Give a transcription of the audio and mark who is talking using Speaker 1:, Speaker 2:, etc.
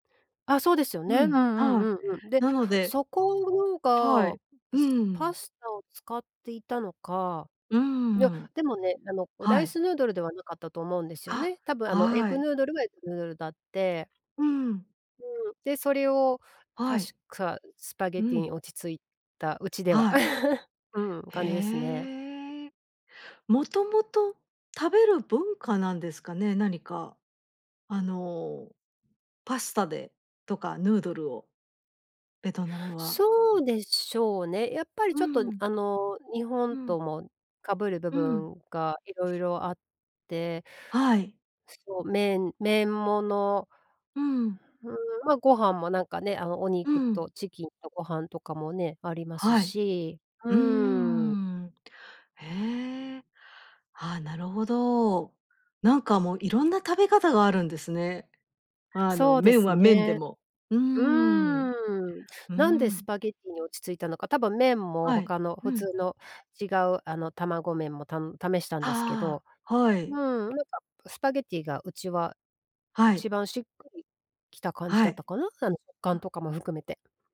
Speaker 1: あ、そうですよ
Speaker 2: う
Speaker 1: ね。うんう
Speaker 2: ん、
Speaker 1: ん
Speaker 2: はい。
Speaker 1: うんうん。で、
Speaker 2: なので
Speaker 1: そこの
Speaker 2: は
Speaker 1: が、
Speaker 2: い、う
Speaker 1: すパ
Speaker 2: ん。
Speaker 1: スタを使っていたのか、
Speaker 2: う
Speaker 1: いや、
Speaker 2: ん。
Speaker 1: でもね、あの、ラ
Speaker 2: は
Speaker 1: イ
Speaker 2: い。
Speaker 1: スヌードルではなかったと思うんですよ
Speaker 2: あ、
Speaker 1: ね。多分、あの、エッ
Speaker 2: は
Speaker 1: グ
Speaker 2: い。
Speaker 1: ヌードルはエッグヌードルだって。
Speaker 2: うん。
Speaker 1: うん、で、それを
Speaker 2: は
Speaker 1: 確
Speaker 2: い。
Speaker 1: かスパゲッ
Speaker 2: う
Speaker 1: ティに
Speaker 2: ん。
Speaker 1: 落ち着いた、うちでは。
Speaker 2: はい。
Speaker 1: うん、感じですね。
Speaker 2: へえ。もともと食べる文化なんですかね？何か、あの、パスタでとかヌードルを、ベトナムは。
Speaker 1: そうでしょうね。やっぱり
Speaker 2: う
Speaker 1: ちょっと、
Speaker 2: ん。
Speaker 1: あの、日本
Speaker 2: うん。
Speaker 1: ともかぶる部
Speaker 2: うん。
Speaker 1: 分が色々あって
Speaker 2: はい。
Speaker 1: そう、麺麺もの
Speaker 2: うん。
Speaker 1: うーん、まあ、ご飯もなんかね、あの、お
Speaker 2: う
Speaker 1: 肉
Speaker 2: ん。
Speaker 1: とチキンとご飯とかもね、あります
Speaker 2: はい。
Speaker 1: し、う
Speaker 2: うー
Speaker 1: ん。
Speaker 2: ん。へえ。あ、なるほど。なんかもういろんな食べ方があるんですね。あの、
Speaker 1: そうで
Speaker 2: 麺
Speaker 1: す
Speaker 2: は麺で
Speaker 1: ね。
Speaker 2: も。うー
Speaker 1: う
Speaker 2: ん。
Speaker 1: ーん、
Speaker 2: う
Speaker 1: なんでス
Speaker 2: ん。
Speaker 1: パゲッティに落ち着いたのか、多分麺も
Speaker 2: はい、
Speaker 1: 他の
Speaker 2: う
Speaker 1: 普
Speaker 2: ん。
Speaker 1: 通の違うあの、卵麺もたん試したんですけ
Speaker 2: あ
Speaker 1: ど
Speaker 2: あ、は
Speaker 1: うん、
Speaker 2: い。
Speaker 1: なんかスパゲッティがうちは、
Speaker 2: は
Speaker 1: 一
Speaker 2: い。
Speaker 1: 番しっくり来た感じ
Speaker 2: は
Speaker 1: だっ
Speaker 2: い。
Speaker 1: たかな、あの、食感
Speaker 2: あ。
Speaker 1: とかも含めて。